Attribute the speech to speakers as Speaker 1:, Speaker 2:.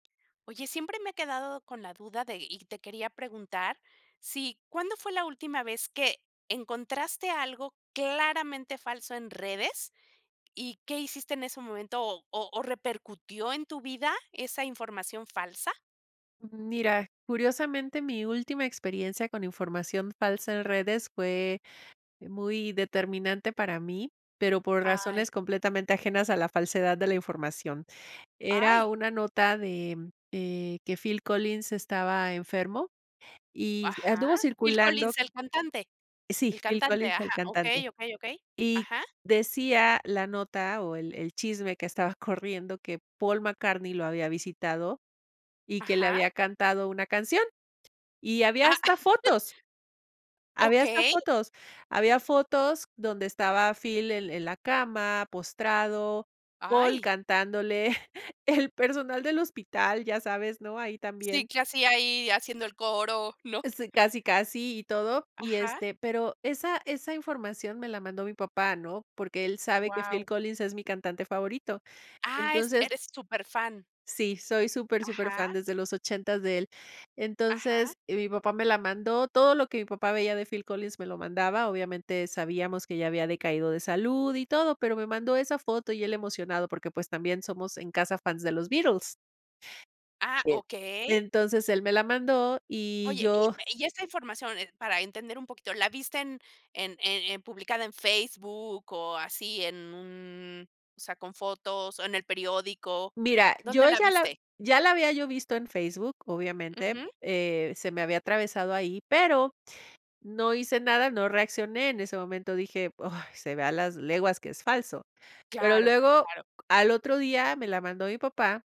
Speaker 1: Oye, siempre me he quedado con la duda de y te quería preguntar si ¿cuándo fue la última vez que encontraste algo claramente falso en redes, y qué hiciste en ese momento, o o, repercutió en tu vida esa información falsa?
Speaker 2: Mm, mira. Curiosamente, mi última experiencia con información falsa en redes fue, eh, muy determinante para mí, pero por
Speaker 1: Ay.
Speaker 2: razones completamente ajenas a la falsedad de la información. Era
Speaker 1: ¡Ay!
Speaker 2: una nota de, eh, que Phil Collins estaba enfermo y
Speaker 1: Ajá.
Speaker 2: anduvo
Speaker 1: ¿Phil
Speaker 2: circulando
Speaker 1: Collins, el cantante?.
Speaker 2: sí,
Speaker 1: El
Speaker 2: Phil
Speaker 1: cantante,
Speaker 2: Collins, el
Speaker 1: ajá,
Speaker 2: cantante.
Speaker 1: okey, okey, okey,
Speaker 2: Y
Speaker 1: ajá.
Speaker 2: decía la nota o el el chisme que estaba corriendo, que Paul McCartney lo había visitado, y que le
Speaker 1: Ajá.
Speaker 2: había cantado una canción. Y había
Speaker 1: Ah,
Speaker 2: hasta fotos. Había hasta
Speaker 1: A¿Okey?
Speaker 2: fotos. Había fotos donde estaba Phil el el en la cama, postrado, Paul
Speaker 1: ¡Ay!
Speaker 2: cantándole, el personal del hospital ya sabes, ¿no?, ahí
Speaker 1: Sí,
Speaker 2: también.
Speaker 1: ¿qué hacía ahí haciendo el coro, no?
Speaker 2: Y sí. Casi, casi y todo y,
Speaker 1: Ajá.
Speaker 2: este, pero esa esa información me la mandó mi papá, ¿no? Porque él sabe que Phil
Speaker 1: Guau.
Speaker 2: Collins es mi cantante favorito.
Speaker 1: Ah, est
Speaker 2: Entonces
Speaker 1: eres superfan.
Speaker 2: sí, soy súper,
Speaker 1: Ajá.
Speaker 2: superfán desde los 80 de él.
Speaker 1: Ajá.
Speaker 2: Entonces,y mi papá me la mandó, todo lo que mi papá veía de Phil Collins me lo mandaba. Obviamente, sabíamos que ya había decaído de salud y todo, pero me mandó esa foto, y él emocionado porque, pues, también somos en casa fans de los Beatles.
Speaker 1: Ah,
Speaker 2: y
Speaker 1: okey.
Speaker 2: entonces, él me la mandó y
Speaker 1: Oye, y
Speaker 2: yo
Speaker 1: ve y esta información, eh, para entender un poquito, ¿la viste en en en en publicada en Facebook, o, así en un sea, con fotos, o, en el periódico?
Speaker 2: Mira,
Speaker 1: ¿Dónde
Speaker 2: yo
Speaker 1: la
Speaker 2: ya la
Speaker 1: viste?
Speaker 2: ya la había yo visto en Facebook, obviamente.
Speaker 1: Ujú.
Speaker 2: Eh, se me había atravesado ahí, pero no hice nada, no reaccioné. En ese momento dije: "Ay, se ve a las leguas que es falso". Pero
Speaker 1: Claro,
Speaker 2: luego,
Speaker 1: claro.
Speaker 2: al otro día me la mandó mi papá